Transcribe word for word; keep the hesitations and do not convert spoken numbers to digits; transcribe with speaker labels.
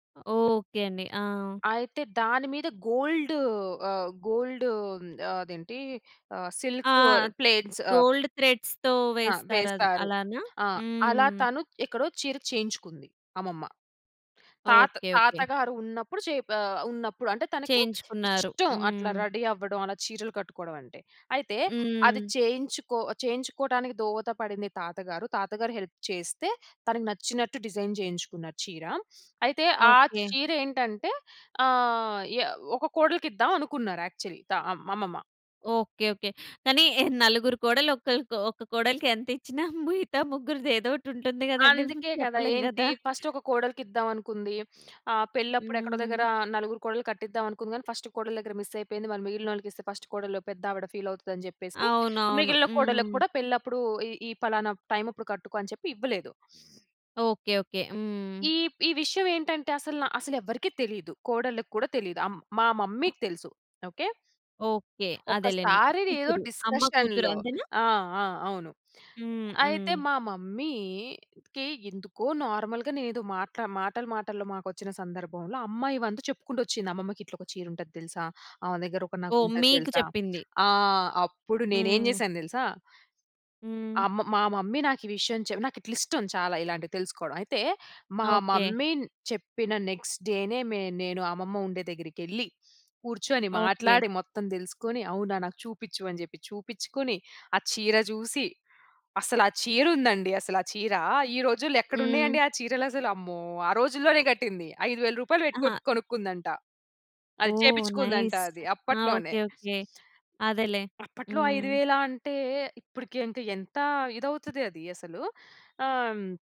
Speaker 1: Okay అండి. ఆ!
Speaker 2: అయితే, దాని మీద గోల్డూ ఆహ్, గోల్డూ హ్మ్, అదేంటీ, ఆహ్,
Speaker 1: ఆ!
Speaker 2: సిల్కూ ప్లేట్స్ ఆహ్
Speaker 1: గోల్డ్ థ్రెడ్స్‌తో
Speaker 2: ఆ!
Speaker 1: వేస్తారద్
Speaker 2: వేస్తారు.
Speaker 1: అలానా?
Speaker 2: ఆ! అలా
Speaker 1: హ్మ్.
Speaker 2: తను ఎక్కడో చీర చేయించుకుంది, అమ్మమ్మ. తాత
Speaker 1: ఓకే. ఓకే.
Speaker 2: తాతగారు ఉన్నప్పుడు చేప్ ఆహ్, ఉన్నప్పుడు అంటే, తనకి
Speaker 1: చేయించుకున్నారు.
Speaker 2: ఇష్టం అట్లా
Speaker 1: హ్మ్.
Speaker 2: రెడీ అవ్వడం, అలా చీరలు కట్టుకోడవంటే. అయితే, అది
Speaker 1: హ్మ్.
Speaker 2: చేయించు‌కొ చేయించుకోటానికి దోహత పడింది తాతగారు. తాతగారు హెల్ప్ చేస్తే, తనకు నచ్చినట్టు డిజైన్ చేయించుకున్నారు చీర. అయితే, ఆ
Speaker 1: ఓకే.
Speaker 2: చీరేంటంటే, ఆహ్, ఎ య ఒక కోడలికిద్దావనుకున్నారు యాక్చలీ. త మమ్మమ్మ.
Speaker 1: ఓకే. ఓకే. కానీ, నలుగురు కోడళ్ళో ఒ‌క్కళ్ళకో, ఒక్క కోడలికి ఎంతిచ్చినా మిగతా ముగ్గురిది ఏదోటుంటుంది కదండి.
Speaker 2: అందుకే కదా!
Speaker 1: చెప్పలేం
Speaker 2: ఏంటి,
Speaker 1: కదా!
Speaker 2: ఫస్టొక కోడలికిద్దావనుకుంది. ఆహ్, పెళ్ళప్పుడెక్కడో
Speaker 1: హ్మ్.
Speaker 2: దగ్గరా నలుగురు కోడళ్లు కట్టిద్దావనుకుంది గానీ, ఫస్టు కోడలి దగ్గర మిస్సయిపోయింది. మరి మిగిలినోళ్ళకిస్తే, ఫస్టు కోడలు, పెద్దావిడ ఫీలవుతదని జెప్పేసి
Speaker 1: అవునవును.
Speaker 2: మిగిలిన కోడళ్ళకు
Speaker 1: హ్మ్.
Speaker 2: కూడా పెళ్ళప్పుడూ ఈ, ఈ పలానా టైమప్పుడు కట్టుకో అని చెప్పి ఇవ్వలేదు.
Speaker 1: ఓకే. ఓకే. హ్మ్.
Speaker 2: ఈ, ఈ విషయవేంటంటే అసలన, అసలెవ్వరికీ తెలీదు. కోడళ్ళకు కూడా తెలీదు. ఆహ్, హ్మ్, మా మమ్మీ‌కి తెలుసు. ఓకే?
Speaker 1: ఓకే. అదేలెండి.
Speaker 2: ఒక్కసారినేదో
Speaker 1: కూతురు. అమ్మ కూతురు
Speaker 2: డిస్కషన్‌లో
Speaker 1: అంతేనా?
Speaker 2: ఆ! ఆ! అవును.
Speaker 1: హ్మ్.
Speaker 2: అయితే,
Speaker 1: హ్మ్.
Speaker 2: మా మమ్మీ‌కి ఎందుకో నార్మల్‌గానేదో మాట్ల మాటల మాటల్లో మాకొచ్చిన సందర్భంలో అమ్మాయివం‌తు చెప్పుకుంటొచ్చింది, అమ్మమ్మకిట్లొక చీరుంటది తెలుసా? ఆమె దగ్గర ఒక
Speaker 1: ఓహ్!
Speaker 2: నగుంటది
Speaker 1: మీకు
Speaker 2: తెలుసా?
Speaker 1: చెప్పింది.
Speaker 2: ఆహ్, అప్పుడు నేనేం
Speaker 1: హ్మ్.
Speaker 2: జేశానో తెలుసా?
Speaker 1: హ్మ్.
Speaker 2: అమ్మ మా మమ్మీ నాకీ విషయం‌ చెప్ నాకిట్లిష్టం చాలా ఇలాంటియి తెలుసుకోడం. అయితే, మా
Speaker 1: ఓకే.
Speaker 2: మమ్మీ న్ చెప్పిన నెక్స్ట్ డే‌నే మే నేను అమ్మమ్మ ఉండే దెగ్గిరకెళ్ళి, కూర్చొని
Speaker 1: ఓకే.
Speaker 2: మాట్లాడి మొత్తం దెలుసుకోని, "అవునా? నాకు చూపిచ్చు" అని చెప్పి చూపిచ్చుకుని, ఆ చీర జూసి, అసలు ఆ చీరుందండి అసలా చీరా. ఈ రోజుల్లో ఎక్కడున్నయండి
Speaker 1: హ్మ్.
Speaker 2: ఆ చీరలసలు? అమ్మో! ఆ రోజుల్లోనే గట్టింది ఐదు వేలు రూపాయలు పెట్టి కొట్
Speaker 1: ఆహా!
Speaker 2: కొనుక్కుందంట. అది
Speaker 1: ఓహ్!
Speaker 2: చేపిచ్చుకుందంట
Speaker 1: నైస్.
Speaker 2: అది
Speaker 1: ఆ!
Speaker 2: అప్పట్లోనే.
Speaker 1: ఓకే. ఓకే. అదేలే.
Speaker 2: అప్పట్లో ఐదు
Speaker 1: హ్మ్.
Speaker 2: వేలా అంటే, ఇప్పడుకి ఇంక ఎంతా ఇదవుతది అది అసలు. ఆహ్